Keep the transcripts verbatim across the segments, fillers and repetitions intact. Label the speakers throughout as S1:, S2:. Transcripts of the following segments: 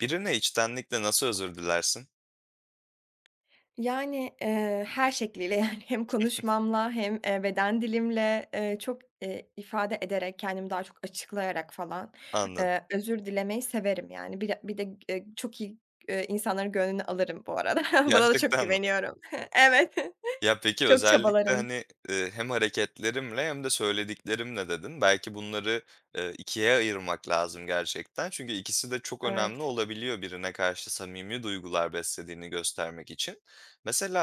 S1: Birine içtenlikle nasıl özür dilersin?
S2: Yani, eee, her şekliyle, yani, hem konuşmamla hem, eee, beden dilimle, eee, çok, eee, ifade ederek, kendimi daha çok açıklayarak falan,
S1: Anladım.
S2: eee, özür dilemeyi severim, yani, bir de bir de g eee, çok iyi, iii, insanların gönlünü alırım bu arada. Buna da çok
S1: Gerçekten mi?
S2: güveniyorum. Evet.
S1: Ya, peki,
S2: Çok
S1: özellikle,
S2: çabalarım.
S1: hani, eee, "hem hareketlerimle hem de söylediklerimle" dedin. Belki bunları, eee, ikiye ayırmak lazım gerçekten çünkü ikisi de çok önemli
S2: Evet.
S1: olabiliyor birine karşı samimi duygular beslediğini göstermek için.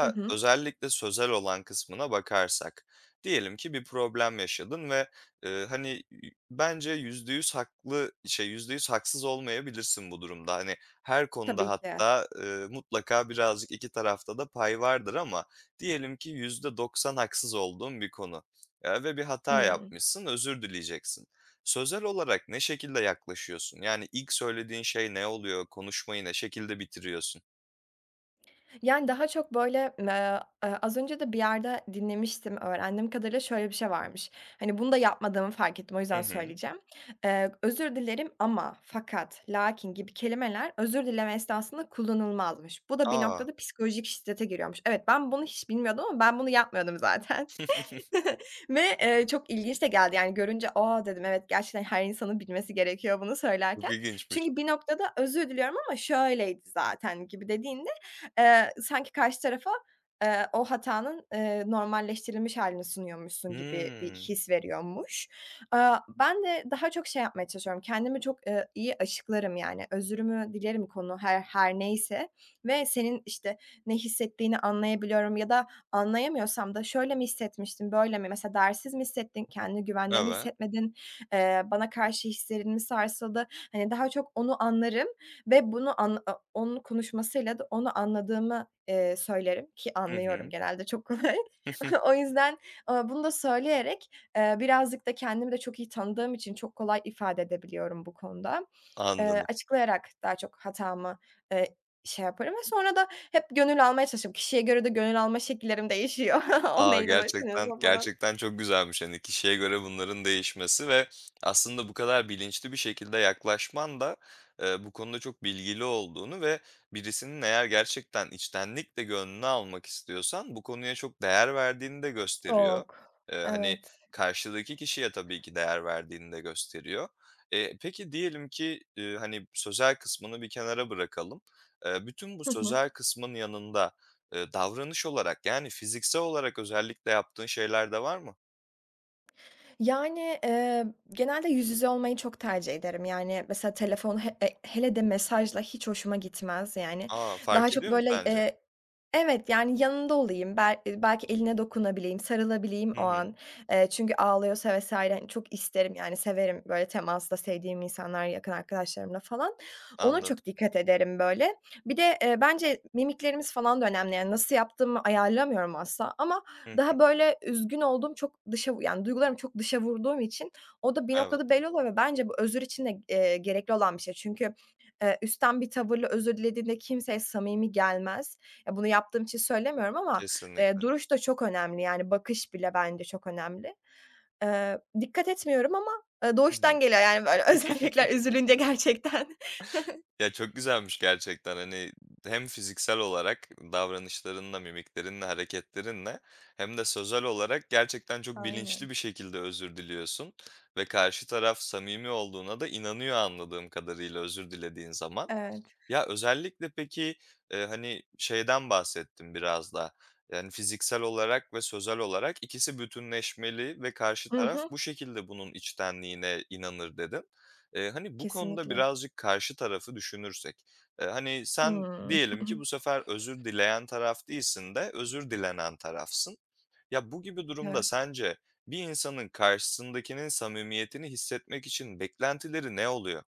S2: Hı hı.
S1: özellikle sözel olan kısmına bakarsak, diyelim ki bir problem yaşadın ve, eee, hani, i bence yüzde yüz haklı şey yüzde yüz haksız olmayabilirsin bu durumda. Hani, her konuda
S2: Tabii ki.
S1: hatta, eee, mutlaka birazcık iki tarafta da pay vardır ama diyelim ki yüzde doksan haksız olduğun bir konu, eee, ve bir hata
S2: Hımm.
S1: yapmışsın, özür dileyeceksin. Sözel olarak ne şekilde yaklaşıyorsun? Yani, ilk söylediğin şey ne oluyor, konuşmayı ne şekilde bitiriyorsun?
S2: Yani, daha çok böyle, ııı, ııı, az önce de bir yerde dinlemiştim öğrendiğim kadarıyla şöyle bir şey varmış, hani, bunu da yapmadığımı fark ettim, o
S1: Hı
S2: yüzden
S1: hı.
S2: söyleyeceğim. Iıı, özür dilerim ama, fakat, lakin gibi kelimeler özür dileme esnasında kullanılmazmış. Bu da bir
S1: A!
S2: noktada psikolojik şiddete giriyormuş. Evet, ben bunu hiç bilmiyordum ama ben bunu yapmıyordum zaten ve, ııı, çok ilginç de geldi, yani, görünce, a, dedim, evet gerçekten her insanın bilmesi gerekiyor bunu
S1: Çok
S2: söylerken.
S1: ilginçmiş.
S2: Çünkü bir noktada özür diliyorum ama şöyleydi zaten gibi dediğinde, ııı, sanki karşı tarafa, ııı, o hatanın, ııı, normalleştirilmiş hâlini sunuyormuşsun gibi bir
S1: Hıı.
S2: his veriyormuş. Iıı, ben de daha çok şey yapmaya çalışıyorum, kendimi çok, ııı, iyi açıklarım, yani, özürümü dilerim konu her her neyse ve senin, işte, ne hissettiğini anlayabiliyorum ya da anlayamıyorsam da şöyle mi hissetmiştin, böyle mi, mesela, değersiz mi hissettin, kendini güvende mi
S1: Evet.
S2: hissetmedin, ııı, bana karşı hislerin mi sarsıldı, hani, daha çok onu anlarım ve bunu anla o onun konuşmasıyla da onu anladığımı, ııı, söylerim ki
S1: Hı
S2: anlıyorum,
S1: hı.
S2: genelde çok kolay. O yüzden, ııı, bunu da söyleyerek, ııı, birazcık da kendimi de çok iyi tanıdığım için çok kolay ifade edebiliyorum bu konuda. Iıı,
S1: Anladım.
S2: açıklayarak daha çok hatamı, ııı, şey yaparım ve sonra da hep gönül almaya çalışırım. Kişiye göre de gönül alma şekillerim değişiyor. O
S1: A,
S2: neyden
S1: gerçekten
S2: hoşlanıyorsa falan.
S1: gerçekten çok güzelmiş, hani, kişiye göre bunların değişmesi ve aslında bu kadar bilinçli bir şekilde yaklaşman da, ııı, bu konuda çok bilgili olduğunu ve birisinin eğer gerçekten içtenlikle gönlünü almak istiyorsan, bu konuya çok değer verdiğini de gösteriyor.
S2: Çok,
S1: Iıı, hani,
S2: evet.
S1: karşıdaki kişiye tabii ki değer verdiğini de gösteriyor. Iıı, peki, diyelim ki, ııı, hani, sözel kısmını bir kenara bırakalım. Iıı, bütün bu
S2: Hı hı.
S1: sözel kısmın yanında, ııı, davranış olarak, yani, fiziksel olarak özellikle yaptığın şeyler de var mı?
S2: Yani, eee, genelde yüz yüze olmayı çok tercih ederim. Yani, mesela telefon he e hele de mesajla hiç hoşuma gitmez yani.
S1: A!
S2: Daha
S1: Fark
S2: çok
S1: ediyor mu
S2: böyle,
S1: sence?
S2: eee Evet, yani, yanında olayım, bel eee, belki eline dokunabileyim, sarılabileyim
S1: Hı
S2: o
S1: hı.
S2: an. Eee, çünkü ağlıyorsa vs. hani, çok isterim yani, severim böyle temasta, sevdiğim insanlar yakın arkadaşlarımla falan. Ona
S1: Anladım.
S2: çok dikkat ederim böyle. Bir de, eee, bence mimiklerimiz falan da önemli. Yani, nasıl yaptığımı ayarlamıyorum asla ama
S1: Hı hı.
S2: daha böyle üzgün olduğum, çok dışa vu yani, duygularımı çok dışa vurduğum için o da bir noktada
S1: Evet.
S2: belli oluyor ve bence bu özür için de, eee, gerekli olan bir şey. Çünkü, eee, üstten bir tavırla özür dilediğinde kimseye samimi gelmez. E, bunu yaptığım için söylemiyorum ama, eee,
S1: Kesinlikle.
S2: duruş da çok önemli yani, bakış bile bence çok önemli. Eee, dikkat etmiyorum ama, eee,
S1: Hı hı.
S2: doğuştan geliyor, yani, böyle özellikler üzülünce gerçekten.
S1: Ya, çok güzelmiş gerçekten, hani, ımm, hem fiziksel olarak davranışlarınla, mimiklerinle, hareketlerinle hem de sözel olarak gerçekten çok bilinçli
S2: Aynen.
S1: bir şekilde özür diliyorsun ve karşı taraf samimi olduğuna da inanıyor anladığım kadarıyla özür dilediğin zaman.
S2: Evet.
S1: Ya, özellikle peki, eee, hani, şeyden bahsettin biraz da, yani, "Fiziksel olarak ve sözel olarak ikisi bütünleşmeli ve karşı
S2: Hı
S1: taraf
S2: hı.
S1: bu şekilde bunun içtenliğine inanır." dedin. Eee, hani, bu konuda
S2: Kesinlikle.
S1: birazcık karşı tarafı düşünürsek. Eee, hani, sen
S2: Hımm.
S1: diyelim ki bu sefer özür dileyen taraf değilsin de özür dilenen tarafsın. Ya, bu gibi durumda
S2: Evet.
S1: sence bir insanın karşısındakinin samimiyetini hissetmek için beklentileri ne oluyor?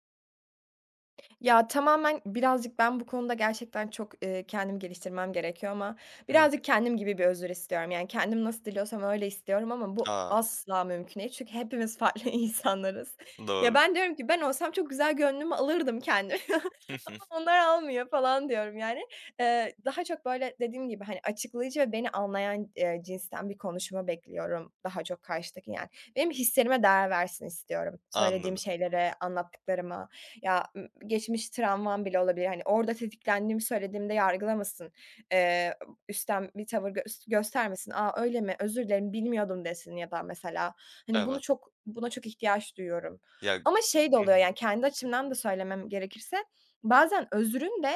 S2: Ya, tamamen birazcık ben bu konuda gerçekten çok, eee, kendimi geliştirmem gerekiyor ama
S1: Hı hı.
S2: birazcık kendim gibi bir özür istiyorum, yani, kendim nasıl diliyorsam öyle istiyorum ama bu
S1: A!
S2: asla mümkün değil çünkü hepimiz farklı insanlarız. Ya,
S1: Doğru.
S2: ben diyorum ki ben olsam çok güzel gönlümü alırdım kendimin ama onlar almıyor falan diyorum yani. Eee, daha çok böyle dediğim gibi, hani, açıklayıcı ve beni anlayan, eee, cinsten bir konuşma bekliyorum daha çok karşıdaki yani. Benim hislerime değer versin istiyorum, söylediğim
S1: Anladım.
S2: şeylere, anlattıklarıma. Ya, ım geçmiş travmam bile olabilir, hani, orada tetiklendiğimi söylediğimde yargılamasın, eee, [unintelligible] üstten bir tavır gös göstermesin, "A, öyle mi, özür dilerim, bilmiyordum." desin ya da mesela. Hani, bunu
S1: Evet.
S2: çok buna çok ihtiyaç duyuyorum
S1: Ya
S2: ama şey de
S1: Hı
S2: oluyor,
S1: hı.
S2: yani, kendi açımdan da söylemem gerekirse, bazen özrün de,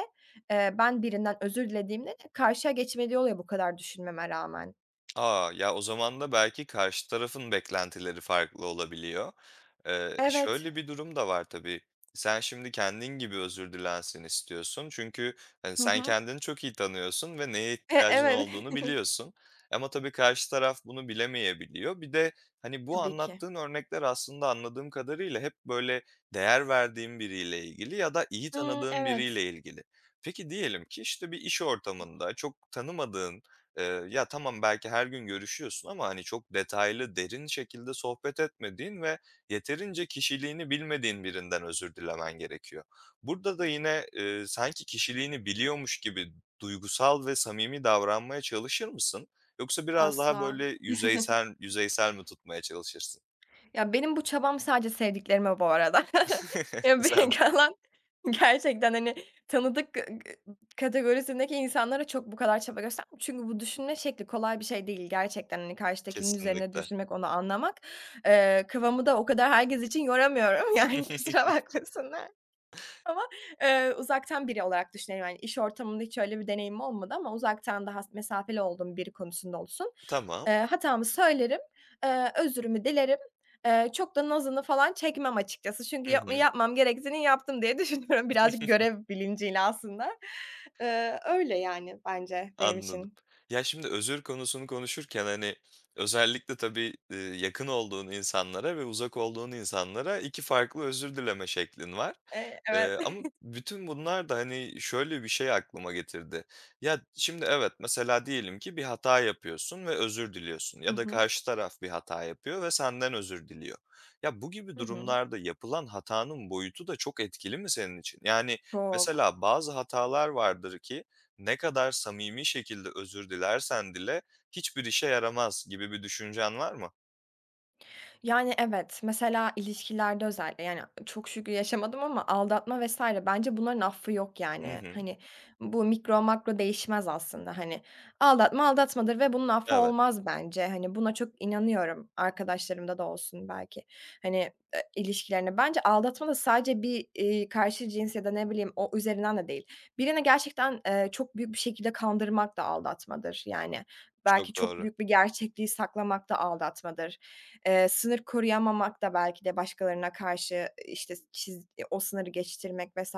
S2: eee, ben birinden özür dilediğimde de karşıya geçmediği oluyor bu kadar düşünmeme rağmen.
S1: A! Ya, o zaman da belki karşı tarafın beklentileri farklı olabiliyor. Eee,
S2: Evet.
S1: şöyle, bir durum da var tabii, sen şimdi kendin gibi özür dilensin istiyorsun çünkü, hani,
S2: Hı
S1: sen
S2: hı.
S1: kendini çok iyi tanıyorsun ve neye
S2: E
S1: ihtiyacın
S2: evet.
S1: olduğunu biliyorsun ama tabii karşı taraf bunu bilemeyebiliyor. Bir de, hani, bu
S2: Tabii ki.
S1: anlattığın örnekler aslında anladığım kadarıyla hep böyle değer verdiğin biriyle ilgili ya da iyi
S2: Hımm,
S1: tanıdığın biriyle
S2: evet.
S1: ilgili. Peki, diyelim ki, işte, bir iş ortamında çok tanımadığın, ııı, ya tamam, belki her gün görüşüyorsun ama, hani, çok detaylı, derin şekilde sohbet etmediğin ve yeterince kişiliğini bilmediğin birinden özür dilemen gerekiyor. Burada da yine, ııı, sanki kişiliğini biliyormuş gibi duygusal ve samimi davranmaya çalışır mısın yoksa biraz daha
S2: Asla.
S1: böyle yüzeysel yüzeysel mi tutmaya çalışırsın?
S2: Ya, benim bu çabam sadece sevdiklerime bu arada
S1: Güzelmiş.
S2: [unintelligible] gerçekten hani, tanıdık [unintelligible] kategorisindeki insanlara çok bu kadar çaba gösterm Çünkü bu düşünme şekli kolay bir şey değil. Gerçekten, hani karşıdakinin üzerine
S1: Kesinlikle.
S2: düşünmek, onu anlamak. Eee, kafamı da o kadar herkes için yoramıyorum yani kusura bakmasınlar ama eee, uzaktan biri olarak düşünüyorum, hani, iş ortamında hiç öyle bir deneyimim olmadı ama uzaktan daha s mesafeli olduğum biri konusunda olsun,
S1: Tamam.
S2: eee, hatamı söylerim, eee, özrümü dilerim, eee, çok da nazını falan çekmem açıkçası çünkü
S1: Hı
S2: yap
S1: hı.
S2: yapmam gerektiğini yaptım diye düşünüyorum birazcık görev bilinciyle aslında. Iıı, öyle, yani, bence benim
S1: Anladım.
S2: için.
S1: Ya, şimdi özür konusunu konuşurken, hani, özellikle tabii, eee, yakın olduğun insanlara ve uzak olduğun insanlara iki farklı özür dileme şeklin var,
S2: E, evet.
S1: eee, ama bütün bunlar da, hani, şöyle bir şey aklıma getirdi. Ya, şimdi evet, mesela diyelim ki bir hata yapıyorsun ve özür diliyorsun
S2: Hı
S1: ya da
S2: hı.
S1: karşı taraf bir hata yapıyor ve senden özür diliyor. Ya, bu gibi
S2: Hı hı.
S1: durumlarda yapılan hatanın boyutu da çok etkili mi senin için? Yani,
S2: Çok.
S1: mesela bazı hatalar vardır ki ne kadar samimi şekilde özür dilersen dile hiçbir işe yaramaz gibi bir düşüncen var mı?
S2: Yani, evet, mesela, ilişkilerde özellikle, yani, çok şükür yaşamadım ama aldatma vs. bence bunların affı yok,
S1: Hı
S2: yani.
S1: hı.
S2: Hani, bu mikro, makro değişmez. Aslında hani aldatma, aldatmadır. Ve bunun affı
S1: Evet.
S2: olmaz, bence, hani, buna çok inanıyorum, arkadaşlarımda da olsun belki, hani, eee, ilişkilerini Bence, aldatma da sadece bir, iii, karşı cins, ya da ne bileyim, o üzerinden de değil, birini gerçekten, eee, çok büyük bir şekilde kandırmak da aldatmadır, yani, belki
S1: Çok
S2: çok
S1: doğru.
S2: büyük bir gerçekliği saklamak da aldatmadır. Eee, sınır koruyamamak da belki de başkalarına karşı, işte, çiz o sınırı geçiştirmek vs.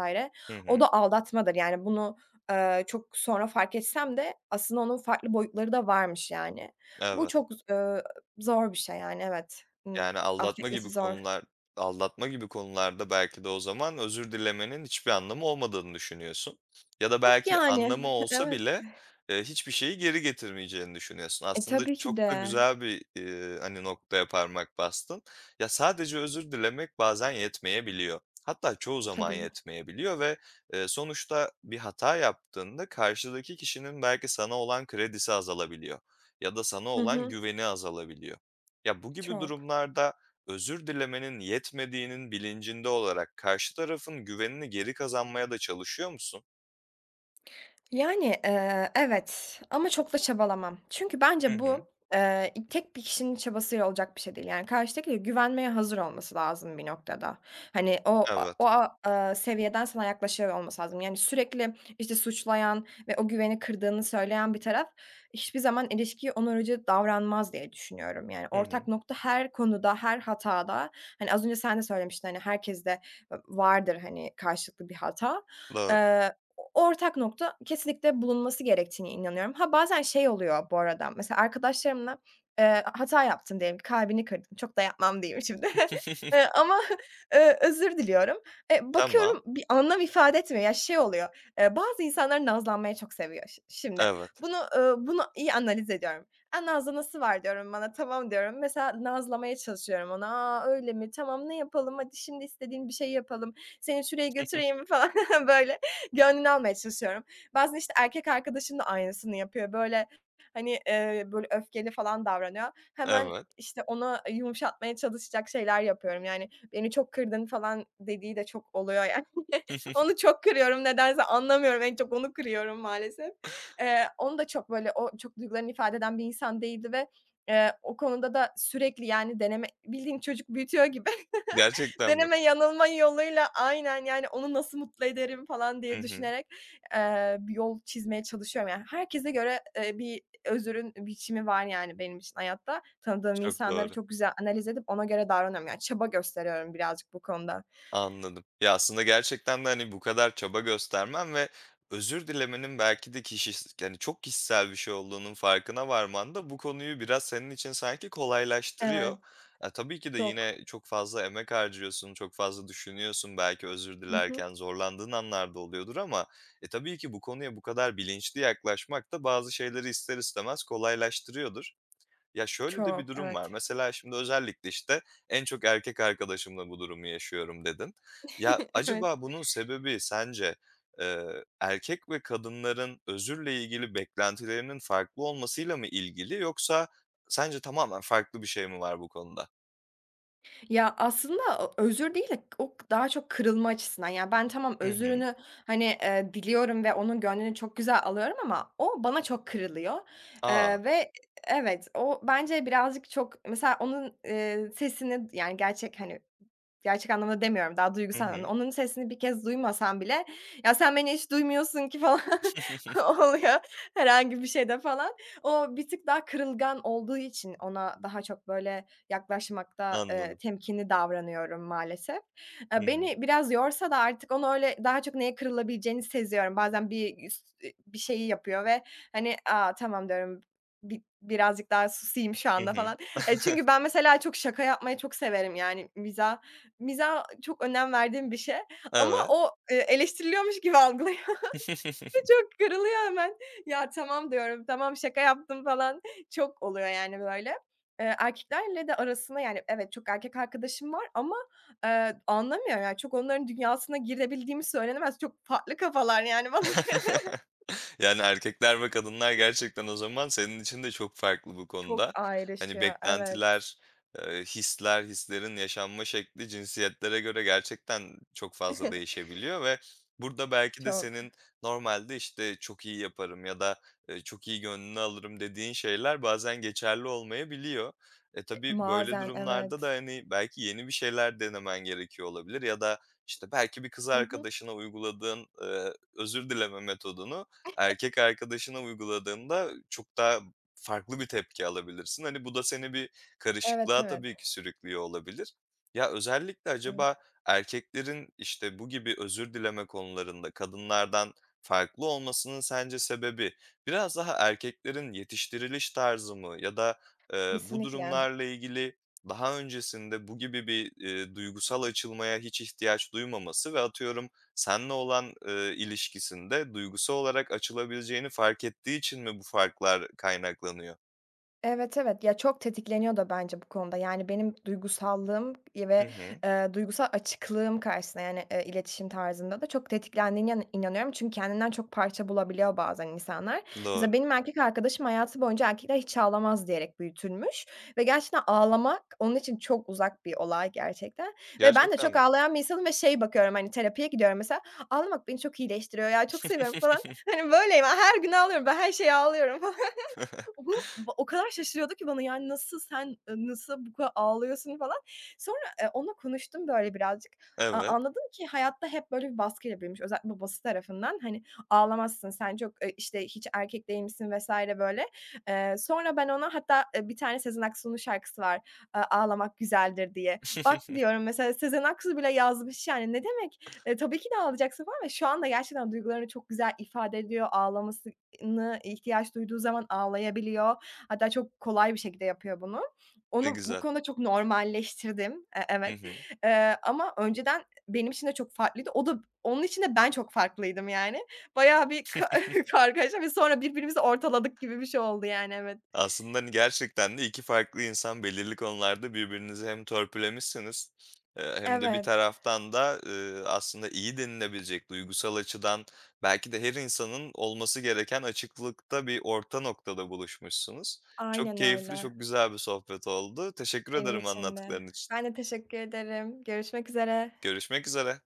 S1: Hı
S2: o
S1: hı.
S2: da aldatmadır, yani, bunu, eee, çok sonra fark etsem de aslında onun farklı boyutları da varmış, yani. Bu
S1: Evet.
S2: çok z ııı, zor bir şey, yani, evet, ııı,
S1: Yani, aldatma
S2: affetmesi
S1: gibi
S2: zor.
S1: konular aldatma gibi konularda belki de o zaman özür dilemenin hiçbir anlamı olmadığını düşünüyorsun ya da
S2: Yok,
S1: belki
S2: yani.
S1: anlamı olsa
S2: Evet.
S1: bile, eee, hiçbir şeyi geri getirmeyeceğini düşünüyorsun.
S2: E,
S1: Aslında
S2: tabii ki
S1: çok da
S2: de.
S1: güzel bir, iii, hani, noktaya parmak bastın. Ya, sadece özür dilemek bazen yetmeyebiliyor. Hatta çoğu zaman
S2: Tabii.
S1: yetmeyebiliyor ve, eee, sonuçta bir hata yaptığında karşıdaki kişinin belki sana olan kredisi azalabiliyor ya da sana
S2: Hı
S1: olan
S2: hı.
S1: güveni azalabiliyor. Ya, bu gibi
S2: Çok.
S1: durumlarda özür dilemenin yetmediğinin bilincinde olarak karşı tarafın güvenini geri kazanmaya da çalışıyor musun?
S2: Yani, eee, evet ama çok da çabalamam çünkü
S1: Hı
S2: bence
S1: hı.
S2: bu, eee, i tek bir kişinin çabasıyla olacak bir şey değil, yani, karşıdaki ile güvenmeye hazır olması lazım bir noktada. Hani, o a
S1: Evet.
S2: o, ııı, seviyeden sana yaklaşıyor olması lazım, yani, sürekli, işte, suçlayan ve o güveni kırdığını söyleyen bir taraf hiçbir zaman ilişkiye onarıcı davranmaz diye düşünüyorum. Yani,
S1: Hı
S2: ortak
S1: hı.
S2: nokta her konuda, her hatada, hani, az önce sen de söylemiştin, hani, herkeste ı vardır, hani, karşılıklı bir hata,
S1: Doğru.
S2: eee, o ortak nokta kesinlikle bulunması gerektiğine inanıyorum. Ha, bazen şey oluyor bu arada, mesela arkadaşlarımla, eee, hata yaptım diyelim, kalbini kırdım, çok da yapmam, diyeyim şimdi eee, ama eee, özür diliyorum. E,
S1: Tamam.
S2: bakıyorum bir anlam ifade etmiyor, ya, şey oluyor, eee, bazı insanlar nazlanmayı çok seviyor şi şimdi.
S1: Evet.
S2: Bunu, ııı, bunu iyi analiz ediyorum. "A, nazlanası var," diyorum bana, tamam diyorum. Mesela, nazlamaya çalışıyorum onu, "A, öyle mi? Tamam, ne yapalım," hadi şimdi istediğin bir şeyi yapalım, seni şuraya götüreyim mi, falan, böyle gönlünü almaya çalışıyorum. Bazen, işte, erkek arkadaşım da aynısını yapıyor, böyle, hani, eee, böyle öfkeli falan davranıyor, hemen,
S1: Evet.
S2: işte, onu yumuşatmaya çalışacak şeyler yapıyorum. Yani, "Beni çok kırdın," falan dediği de çok oluyor yani. Onu çok kırıyorum nedense, anlamıyorum, en çok onu kırıyorum, maalesef. Eee, onu da çok böyle, o çok duygularını ifade eden bir insan değildi ve, eee, o konuda da sürekli, yani, deneme, bildiğin çocuk büyütüyor gibi
S1: Gerçekten mi?
S2: deneme yanılma yoluyla aynen, yani, onu nasıl mutlu ederim falan
S1: Hı
S2: diye
S1: hı.
S2: düşünerek, eee, bir yol çizmeye çalışıyorum. Yani, herkese göre, eee, bir özrün biçimi var, yani, benim için hayatta. Tanıdığım
S1: Çok
S2: insanları
S1: doğru.
S2: çok güzel analiz edip ona göre davranıyorum. Yani, çaba gösteriyorum birazcık bu konuda.
S1: Anladım. Ya, aslında gerçekten de, hani, bu kadar çaba göstermen ve özür dilemenin belki de kişis hani, çok kişisel bir şey olduğunun farkına varman da bu konuyu biraz senin için sanki kolaylaştırıyor.
S2: Evet,
S1: E, tabii ki de
S2: çok.
S1: yine çok fazla emek harcıyorsun, çok fazla düşünüyorsun, belki özür
S2: Hı hı.
S1: dilerken zorlandığın anlar da oluyordur ama, e, tabii ki bu konuya bu kadar bilinçli yaklaşmak da bazı şeyleri ister istemez kolaylaştırıyordur. Ya, şöyle de bir
S2: Çok,
S1: durum
S2: evet.
S1: var. Mesela şimdi özellikle, işte, en çok erkek arkadaşımla bu durumu yaşıyorum, dedin. Ya,
S2: Evet.
S1: acaba bunun sebebi sence, eee, erkek ve kadınların özürle ilgili beklentilerinin farklı olmasıyla mı ilgili yoksa sence tamamen farklı bir şey mi var bu konuda?
S2: Ya, aslında o özür değil de o daha çok kırılma açısından, yani, ben tamam,
S1: Hı hı.
S2: özrünü, hani, eee, diliyorum ve onun gönlünü çok güzel alıyorum ama o bana çok kırılıyor,
S1: A!
S2: eee, Evet. O bence birazcık çok Mesela onun, eee, sesini yani, gerçek, hani, gerçek anlamda demiyorum, daha
S1: Hı
S2: duygusal anlamda.
S1: hı.
S2: Onun sesini bir kez duymasan bile, "Ya, sen beni hiç duymuyorsun ki," falan, oluyor, herhangi bir şeyde, falan. O bir tık daha kırılgan olduğu için ona daha çok böyle yaklaşmakta, eee,
S1: Anladım.
S2: temkinli davranıyorum maalesef.
S1: Hı
S2: Eee,
S1: hı.
S2: beni biraz yorsa da artık, onu öyle daha çok neye kırılabileceğini seziyorum. Bazen bir üst e bir şeyi yapıyor ve, hani, "A, tamam" diyorum, "Bi birazcık daha susayım şu
S1: Hı
S2: anda."
S1: hı.
S2: falan. Ya, çünkü ben mesela çok şaka yapmayı çok severim, yani, mizah mizah çok önem verdiğim bir şey ama
S1: Evet.
S2: o, eee, eleştiriliyormuş gibi algılıyor ve çok kırılıyor hemen. "Ya, tamam." diyorum, "Tamam, şaka yaptım." falan, çok oluyor, yani, böyle. Eee, erkeklerle de arasına Yani, evet, çok erkek arkadaşım var ama, eee, anlamıyorum, yani, çok onların dünyasına girebildiğim söylenemez, çok farklı kafalar, yani, bana göre.
S1: Yani, erkekler ve kadınlar gerçekten o zaman senin için de çok farklı bu
S2: Çok
S1: konuda. Hani,
S2: ayrışıyor, evet.
S1: beklentiler, eee, hisler, hislerin yaşanma şekli cinsiyetlere göre gerçekten çok fazla değişebiliyor ve burada belki de
S2: Çok.
S1: senin normalde, işte, "Çok iyi yaparım." ya da, eee, "Çok iyi gönlünü alırım." dediğin şeyler bazen geçerli olmayabiliyor. E, tabii, böyle
S2: Bazen.
S1: durumlarda da,
S2: Evet.
S1: hani, belki yeni bir şeyler denemen gerekiyor olabilir ya da, işte, belki bir kız
S2: Hı hı.
S1: arkadaşına uyguladığın, eee, özür dileme metodunu erkek arkadaşına uyguladığında çok daha farklı bir tepki alabilirsin. Hani, bu da seni bir
S2: Evet,
S1: karışıklığa
S2: evet.
S1: tabii ki sürüklüyor olabilir. Ya, özellikle acaba
S2: Evet.
S1: erkeklerin, işte, bu gibi özür dileme konularında kadınlardan farklı olmasının sence sebebi, biraz daha erkeklerin yetiştiriliş tarzı mı? Ya da, eee, bu
S2: Kesinlikle.
S1: durumlarla ilgili daha öncesinde bu gibi bir, eee, duygusal açılmaya hiç ihtiyaç duymaması ve atıyorum seninle olan, eee, ilişkisinde duygusal olarak açılabileceğini fark ettiği için mi bu farklar kaynaklanıyor?
S2: Evet, evet. Ya, çok tetikleniyor da bence bu konuda, yani, benim duygusallığım, iii,
S1: Hı
S2: ve,
S1: hı.
S2: eee, duygusal açıklığım karşısında, yani, eee, iletişim tarzında da çok tetiklendiğine inan inanıyorum çünkü kendinden çok parça bulabiliyor bazen insanlar.
S1: Doğru.
S2: Mesela, benim erkek arkadaşım hayatı boyunca, "Erkekler hiç ağlamaz" diyerek büyütülmüş ve gerçekten ağlamak onun için çok uzak bir olay gerçekten ve ben de
S1: Gerçekten
S2: çok
S1: mi?
S2: ağlayan bir insanım ve, şey, bakıyorum, hani, terapiye gidiyorum mesela, ağlamak beni çok iyileştiriyor ya, çok seviyorum, falan. Hani, böyleyim, her gün ağlıyorum, ben her şeye ağlıyorum falan. O bu o kadar şaşırıyordu ki bana, yani, nasıl, sen ı nasıl bu kadar ağlıyorsun falan. Sonra, eee, onunla konuştum, böyle, birazcık. A
S1: Evet.
S2: anladım ki, hayatta hep böyle bir baskıyla büyümüş, özellikle babası tarafından. Hani, ağlamazsın, sen çok, eee, işte, hiç erkek değilmişsin vs. böyle. Eee, sonra ben ona hatta, eee, bir tane Sezen Aksu'nun şarkısı var, eee, ”Ağlamak güzeldir” diye. Bak diyorum, mesela, Sezen Aksu bile yazmış, yani, ne demek? E, tabii ki de ağlayacaksın falan ve şu anda gerçekten duygularını çok güzel ifade ediyor, ağlaması ııı, nı ihtiyaç duyduğu zaman ağlayabiliyor. Hatta çok kolay bir şekilde yapıyor bunu.
S1: Ne
S2: Onu bu
S1: güzel.
S2: konuda çok normalleştirdim. Eee,
S1: Hı
S2: evet,
S1: hı.
S2: eee, ama önceden benim için de çok farklıydı, o da onun için de ben çok farklıydım, yani. Bayağı bir ka kargaşa ve sonra birbirimizi ortaladık gibi bir şey oldu, yani, evet.
S1: Aslında, hani, gerçekten de iki farklı insan belirli konularda birbirinizi hem törpülemişsiniz, eee, hem de bir
S2: Evet.
S1: taraftan da, ııı, aslında iyi denilebilecek, duygusal açıdan belki de her insanın olması gereken açıklıkta bir orta noktada buluşmuşsunuz. Çok
S2: Aynen
S1: keyifli,
S2: öyle.
S1: çok güzel bir sohbet oldu. Teşekkür
S2: Benim
S1: ederim
S2: için de.
S1: anlattıkların için.
S2: Ben de teşekkür ederim. Görüşmek üzere.
S1: Görüşmek üzere.